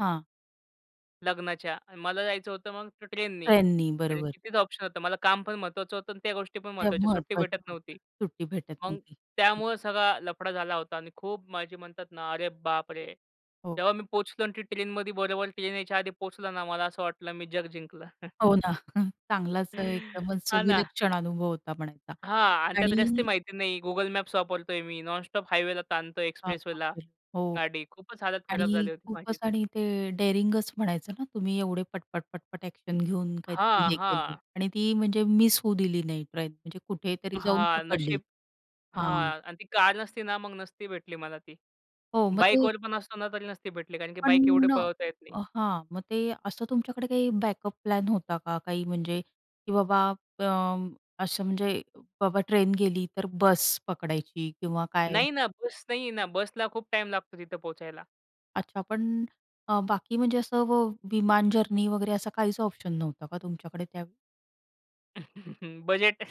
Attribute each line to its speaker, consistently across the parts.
Speaker 1: हां.
Speaker 2: लग्नाच्या, मला जायचं होतं मग ट्रेन ने
Speaker 1: ट्रेन ने,
Speaker 2: आणि कारण
Speaker 1: बरोबर.
Speaker 2: की तेच ऑप्शन होतं. मला काम पण महत्वाचं होतं आणि त्या गोष्टी पण
Speaker 1: ते
Speaker 2: महत्वाच्या, सुट्टी
Speaker 1: महत्वाचं
Speaker 2: भेटत
Speaker 1: होत,
Speaker 2: नव्हती.
Speaker 1: सुट्टी भेटत
Speaker 2: मग
Speaker 1: नव्हती. हं.
Speaker 2: त्यामुळे सगळा लफडा झाला होता आणि खूप माझी म्हणतात ना, अरे बापरे!
Speaker 1: हो.
Speaker 2: तेव्हा मी पोहचलो आणि ती ट्रेनमध्ये बरोबर ट्रेन यायच्या आधी पोहचलं ना, मला असं वाटलं मी जग जिंकलं.
Speaker 1: हो ना. चांगलाच एकदमच अ,
Speaker 2: हां ना.
Speaker 1: विलक्षण अनुभव होता म्हणायचा
Speaker 2: हां आणि त्यात रस्ते
Speaker 1: आणि
Speaker 2: माहिती नाही. Google मॅप्स वापरतोय मी, नॉनस्टॉप हायवेला ताणतोय,
Speaker 1: हां, बाप
Speaker 2: एक्सप्रेसवेला
Speaker 1: रे! हो
Speaker 2: गाडी, खूपच हालत खराब
Speaker 1: आणि
Speaker 2: झाली होती माझी
Speaker 1: खूपच
Speaker 2: ती.
Speaker 1: आणि ते डेअरिंगच म्हणायचं ना, तुम्ही एवढे पटपट-पटपट एक्शन घेऊन काहीतरी
Speaker 2: हां,
Speaker 1: हे केलं
Speaker 2: हां.
Speaker 1: आणि ती म्हणजे मिस होऊ दिली नाही ट्रेन म्हणजे कुठेतरी जाऊन
Speaker 2: हां
Speaker 1: पकडली
Speaker 2: नशीब
Speaker 1: हां.
Speaker 2: हां आणि ती कार नसती ना, मग नसती भेटली मला ती.
Speaker 1: हो मग ते
Speaker 2: बाईकवर पण असतो ना, तरी नसती भेटली. कारण की बाईक एवढी
Speaker 1: पण
Speaker 2: पळवता येत नाही.
Speaker 1: अ हां मग ते असं तुमच्याकडे काही बॅकअप प्लॅन होता का काही म्हणजे की बाबा अ, असं म्हणजे बाबा ट्रेन गेली तर बस पकडायची किंवा काय?
Speaker 2: नाही ना. बस नाही आहे ना बसला खूप टाईम लागतो तिथे पोहचायला.
Speaker 1: अच्छा पण अ, बाकी म्हणजे असं व विमान जर्नी वगैरे असं काहीच ऑप्शन नव्हतं का तुमच्याकडे त्यावेळी?
Speaker 2: बजेट.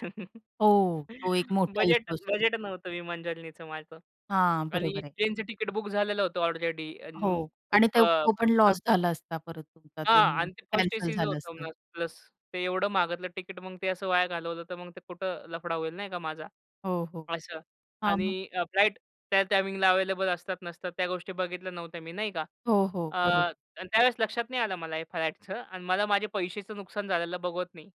Speaker 1: हो, तो एक मोठा
Speaker 2: बजेट
Speaker 1: इश्यू असतो.
Speaker 2: बजेट नव्हतं विमान जर्नीच माझं
Speaker 1: हां,
Speaker 2: आणि
Speaker 1: बरोबर आहे.
Speaker 2: ट्रेनचं टिकट बुक झालेलं होतं ऑलरेडी अ,
Speaker 1: हो
Speaker 2: खूप
Speaker 1: आणि
Speaker 2: अ,
Speaker 1: तो तो पण
Speaker 2: म्हणतात ना
Speaker 1: लॉस झाला असता परत तुमचा तो
Speaker 2: हां आणि ते 1st
Speaker 1: कॅन्सल
Speaker 2: ए-सीचं
Speaker 1: झालं
Speaker 2: होतं
Speaker 1: असतं.
Speaker 2: मग प्लस ते एवढं मागतलं तिकीट मग ते असं वाया घालवलं तर मग ते कुठं लफडा होईल नाही का माझा.
Speaker 1: हो, हो.
Speaker 2: असं
Speaker 1: हां
Speaker 2: आणि
Speaker 1: मग?
Speaker 2: अ, फ्लाईट त्या टाईमिंगला अवेलेबल असतात, नसतात त्या गोष्टी बघितल्या नव्हत्या मी नाही का?
Speaker 1: हो, हो. बरोब
Speaker 2: अ, त्यावेळेस लक्षात नाही आलं मला हे फ्लाइटचं आणि मला माझे पैशेचं नुकसान झालेलं बघवत नाही.